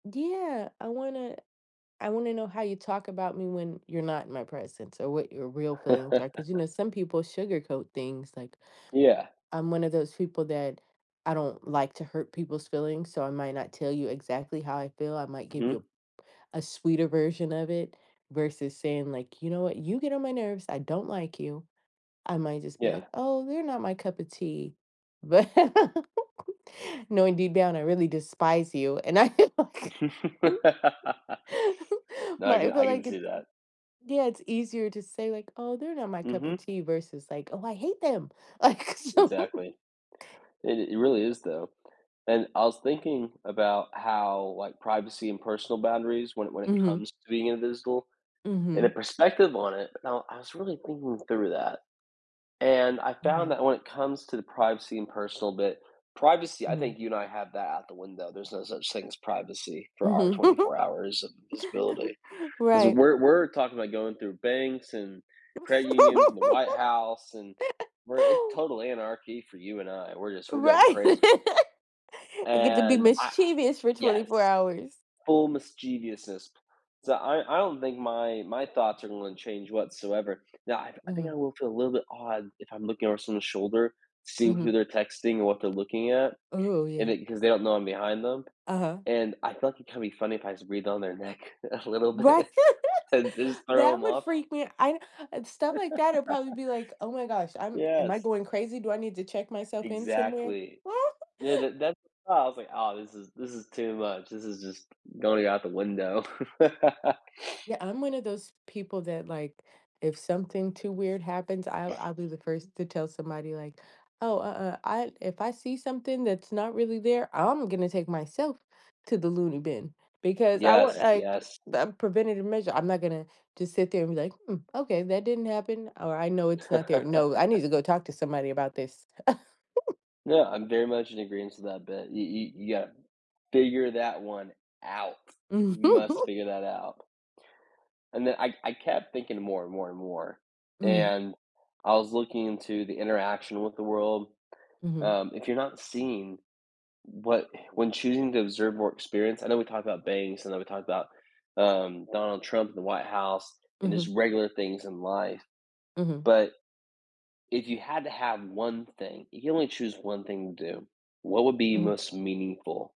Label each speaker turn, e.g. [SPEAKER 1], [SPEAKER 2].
[SPEAKER 1] Yeah, I wanna I wanna know how you talk about me when you're not in my presence, or what your real feelings are, 'cause, you know, some people sugarcoat things, like,
[SPEAKER 2] Yeah.
[SPEAKER 1] I'm one of those people that I don't like to hurt people's feelings, so I might not tell you exactly how I feel. I might give
[SPEAKER 2] Mhm.
[SPEAKER 1] you a sweeter version of it, versus saying, like, "You know what, you get on my nerves, I don't like you." I might just be, like,
[SPEAKER 2] Yeah.
[SPEAKER 1] "Oh, they're not my cup of tea." But, knowing deep down, I really despise you, and I like,
[SPEAKER 2] No, I
[SPEAKER 1] but I
[SPEAKER 2] can
[SPEAKER 1] feel
[SPEAKER 2] I can
[SPEAKER 1] like
[SPEAKER 2] see
[SPEAKER 1] it's
[SPEAKER 2] that.
[SPEAKER 1] yeah, it's easier to say, like, "Oh, they're not my cup of
[SPEAKER 2] Mhm.
[SPEAKER 1] tea." versus, like, "Oh, I hate them!" Like, so
[SPEAKER 2] Exactly. It it really is though, and I was thinking about how, like, privacy and personal boundaries when it when it
[SPEAKER 1] Mhm.
[SPEAKER 2] comes to being invisible, and a
[SPEAKER 1] Mhm.
[SPEAKER 2] perspective on it, I I was really thinking through that, and I found
[SPEAKER 1] Okay.
[SPEAKER 2] that when it comes to the privacy and personal bit, privacy, I
[SPEAKER 1] Mhm.
[SPEAKER 2] think you and I have that out the window. There's no such thing as privacy for our
[SPEAKER 1] Mhm.
[SPEAKER 2] 24 hours of visibility, because
[SPEAKER 1] Right.
[SPEAKER 2] we're we're talking about going through banks and credit unions and the White House, and we're a
[SPEAKER 1] Yeah.
[SPEAKER 2] total anarchy for you and I. We're just we're going
[SPEAKER 1] Right.
[SPEAKER 2] crazy.
[SPEAKER 1] I get to be
[SPEAKER 2] And I
[SPEAKER 1] mischievous for twenty
[SPEAKER 2] yes,
[SPEAKER 1] four hours.
[SPEAKER 2] full mischievousness. So I I don't think my my thoughts are gonna change whatsoever. Now, I I think I
[SPEAKER 1] Mhm.
[SPEAKER 2] will feel a little bit odd if I'm looking over someone's shoulder, seeing who
[SPEAKER 1] Mhm.
[SPEAKER 2] they're texting or what they're looking at,
[SPEAKER 1] Oh,
[SPEAKER 2] and
[SPEAKER 1] yeah.
[SPEAKER 2] it 'cause they don't know I'm behind them,
[SPEAKER 1] Uh-huh.
[SPEAKER 2] and I thought, like, it can be funny if I breathe on their neck a little
[SPEAKER 1] Right.
[SPEAKER 2] bit, and just throw
[SPEAKER 1] That
[SPEAKER 2] 'em
[SPEAKER 1] would
[SPEAKER 2] off.
[SPEAKER 1] freak me I and stuff like that, it would probably be, like, "Oh, my gosh, I'm am I
[SPEAKER 2] Yes.
[SPEAKER 1] going crazy? Do I need to check myself in somewhere?"
[SPEAKER 2] Exactly, yeah, that that's I was, like, "Oh, this is this is too much, this is just going out the window."
[SPEAKER 1] Yeah, I'm one of those people that, like, if something too weird happens, I'll I'll be the first to tell somebody like, oh, uh, uh, I if I see something that's not really there, I'm gonna take myself to the loony bin, because I want,
[SPEAKER 2] Yes,
[SPEAKER 1] like,
[SPEAKER 2] yes.
[SPEAKER 1] a preventative measure. I'm not gonna just sit there and be, like, hmm, okay, that didn't happen, or I know it's not there. No, I need to go talk to somebody about this.
[SPEAKER 2] Yeah, I'm very much in agreeance with that but, you you you gotta figure that one out.
[SPEAKER 1] Mm.
[SPEAKER 2] You must figure that out. And then I I kept thinking more and more and more,
[SPEAKER 1] Mhm.
[SPEAKER 2] and I was looking into the interaction with the world.
[SPEAKER 1] Mhm.
[SPEAKER 2] Um, if you're not seeing what when choosing to observe more experience I know we talked about banks, and then we talked about, um, Donald Trump in the White House and his
[SPEAKER 1] Mhm.
[SPEAKER 2] regular things in life,
[SPEAKER 1] Mhm.
[SPEAKER 2] but, If you had to have 1 thing, you can only choose 1 thing to do, what would be
[SPEAKER 1] Mhm.
[SPEAKER 2] most meaningful?